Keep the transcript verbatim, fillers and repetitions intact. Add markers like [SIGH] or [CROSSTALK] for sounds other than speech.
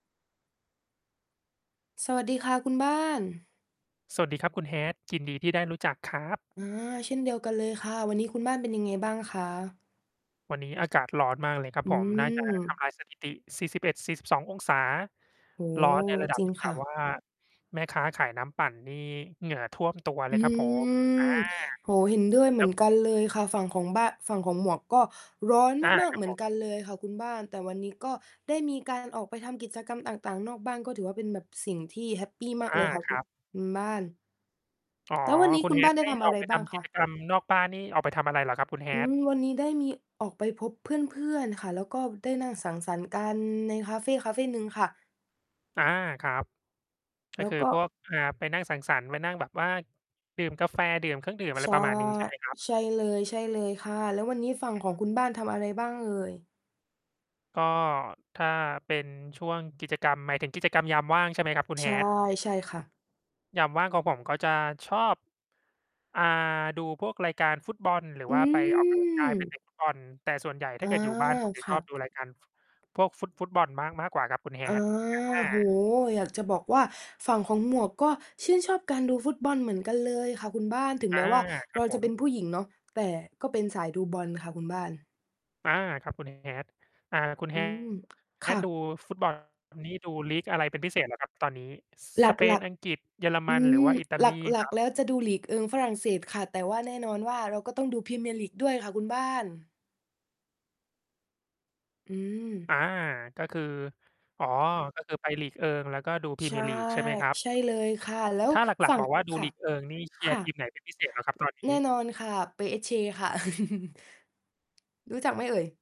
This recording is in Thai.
สวัสดีค่ะคุณบ้าน สวัสดีครับคุณ Hat ยินดีที่ได้รู้จักครับ อา เช่นเดียวกันเลยค่ะ วันนี้คุณบ้านเป็นยังไงบ้างคะ? วันนี้อากาศร้อนมากเลยครับอืผม น่า จะ ทม ำลายสถิติ สี่สิบเอ็ดสี่สิบสององศา โอ้โร้อฮ นในระดัจบริงที่คแบ่บะ ว่า แม่ค้าขายน้ำปั่นนี่เหงื่อท่วมตัวเลอืยครับผม อา ม โอ้โฮ เห็นด้วยเหคมรืัอบ นกันเลยค่ะ ฝั่งของบ้า ฝั่งของหมวกก็ร้อนอา มาก คๆ รัเบหมืผอนม กันเลยค่ะคุณบ้าน แต่วันนี้ก็ได้มี การออกไปทำกิจกรรมต่าง ๆ นอกบ้าน ก็ถือว่า เป็นแบบสิ่งที่แฮปปีมากอเลา ยค่ะ คคุ รับ คุณบ้าน อ๋อ แล้ววันนี้คุคณ ุณบ้Hat านไไดด้้ทำออะอไก รไปบท้างำคกิะ? จกรรมนอกบ้านนี่ ออกไปทำอะไรเหรอครับคุณ อืHat? ม วันนี้ได้มีออกไปพบเพื่อน ๆ ค่ะ แล้วก็ได้นั่งสังสรรค์กันในคาเฟคาเฟหนึ่งค่ะ อา ครับ ก็แล้ควือก็ พวก อ่า ไปนั่งสังสรรค์ ไปนั่งแบบว่า ดื่มกาแฟดื่มเครื่องดื่ม อะไใรช่ ประมาณนี้ใช่ไหมครับ? ใช่เลย ใช่เลยค่ะ แล้ววันนี้ฝั่งอของคุณบ้านทืม ำอะไรบ้างเอ่ย? ก็ ถ้าเป็นช่วงกิจกรรม หมายถึงกิจกรรมยามว่าง ใช่ไหมครับคุณ ใช่ Hat ใช่ค่ะ ยามว่างของผม ก็จะชอบ อ่า ดูพวกรายการฟุตบอล หรืออืว่าไปออก กำลังกาย ไปม เตะฟุตบอล แต่ส่วนใหญ่อถ๋้าอ เกิดอยู่ บ้านผมจะคช่อบดูะ รายการ ฟ พวกฟุต ฟุตบอลมาก มากกว่าครับคุณ อา Hat อโอ้โฮ า อยากจะบอกว่าฝั่งของหมวกก็ชื่นชอบการดูฟุตบอลเหมือนกันเลยค่ะคุณบ้าน ถึงอแมา ้ว่าครเรับาผจะเป็ม นผู้หญิงเนาะ แต่ก็เป็นสายดูบอลค่ะคุณบ้าน อา ครับคุณ H Hat อ่า คุณ อืHa ม ค่Hat ดูะ ฟุต บอล นี่ดู league อะไรเป็นพิเศษเหรอครับตอนนี้? ส หสเปลน ัก อังกฤษ เยอรๆ อมืัน หรืม อว่าอิตาหลีลคัรก ับ? ๆ แล้วจะดู League 1 ฝรั่งเศสค่ะ แต่ว่าแน่นอนว่า เราก็ต้องดู Premier League ด้วยค่ะคุณบ้าน อืม อา ก็คือ อ๋อ ก็คือไป League 1 แล้วก็ดู ใช่ Premier League ใช่ไหมครับ? ใช่เลยค่ะ แล้วถ้าหลฝััก ่ๆ ง บอกว่าดคู ่ะ League 1 นี่ เชคียร่์ทีะ มไหนเป็น พิเศษ เหรอครับตอนนแีน่น้? อนค่ะ Paris Saint-Germain ค่ะ [CHUCKLES] รู้จักไหมเอ่ย?